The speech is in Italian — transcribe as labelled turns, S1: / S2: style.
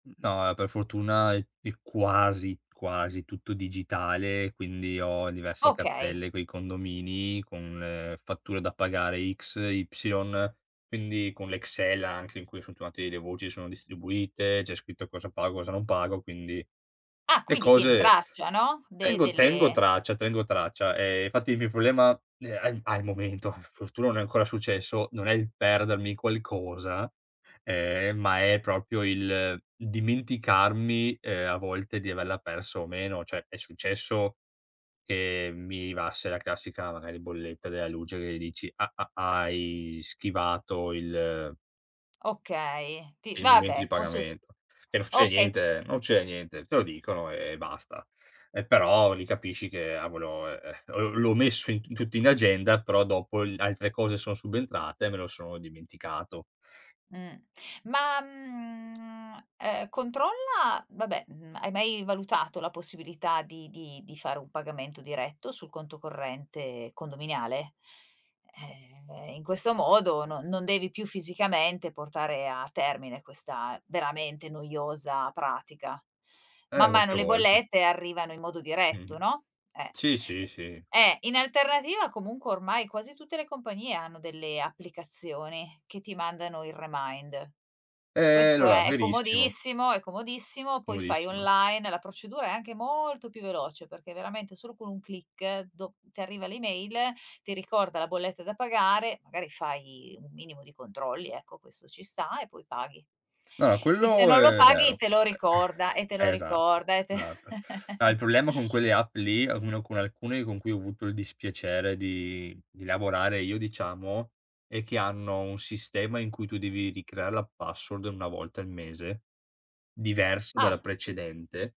S1: N no, e per fortuna è è quasi quasi tutto digitale, quindi ho diverse
S2: Okay.
S1: cartelle coi condomini con le fatture da pagare X, Y, quindi con l'Excel anche in cui [unintelligible] delle voci, sono distribuite, c'è scritto cosa pago, cosa non pago, quindi
S2: Ah,
S1: le
S2: quindi tieni
S1: cose
S2: traccia, no? De
S1: tengo tengo
S2: delle
S1: traccia tengo traccia. Ehm, fatti il mio problema, ne a al momento, fortuna non è ancora successo, non è il perdermi qualcosa. Eh, ma è proprio il dimenticarmi, ehm, a volte di averla persa o meno. Cioè è successo che mi arrivasse la classica magari bolletta della luce che dici: "Ah, ah, ah, hai schivato il"
S2: Okay, ti
S1: "il momento di
S2: vabbè può su
S1: pagamento". Che non succede
S2: okay.
S1: niente, eh, non ce niente, te lo dicono e basta. Eh, però li capisci che: "Ah, volo e eh, v l'ho messo in t tutto in agenda, però dopo l altre cose son subentrate e me lo sono dimenticato."
S2: Mh. Ma, mhmm, ehm, controlla vabbè, mhmm, hai mai valutato la possibilità di di di fare un pagamento diretto sul conto corrente condominiale? Eh, in questo modo no non devi più fisicamente portare a termine questa veramente noiosa pratica.
S1: Eh,
S2: Man mano
S1: qualche
S2: le
S1: volta.
S2: bollette arrivano in modo diretto,
S1: Mh-mh.
S2: no, eh.
S1: Sì, sì, sì.
S2: Eh, in alternativa comunque ormai quasi tutte le compagnie hanno delle applicazioni che ti mandano il remind.
S1: Ehm,
S2: Questo
S1: allora,
S2: è è
S1: verissimo.
S2: comodissimo, è comodissimo, poi fai
S1: Comodissimo.
S2: online, la procedura è anche molto più veloce perché veramente solo con un click, do ti arriva l'email, ti ricorda la bolletta da pagare, magari fai un minimo di controlli, ecco, questo ci sta, e poi paghi.
S1: No,
S2: E se
S1: quello
S2: non lo
S1: è
S2: paghi,
S1: vero.
S2: te lo
S1: E
S2: ricorda, e te lo
S1: esatto,
S2: ricorda, e te
S1: esatto. No, il problema con quelle app lì, o almeno con alcune con cui ho avuto il dispiacere di di lavorare io diciamo, è che hanno un sistema in cui tu devi ricreare la password 1 volta al mese, diversa dalla
S2: Ah.
S1: precedente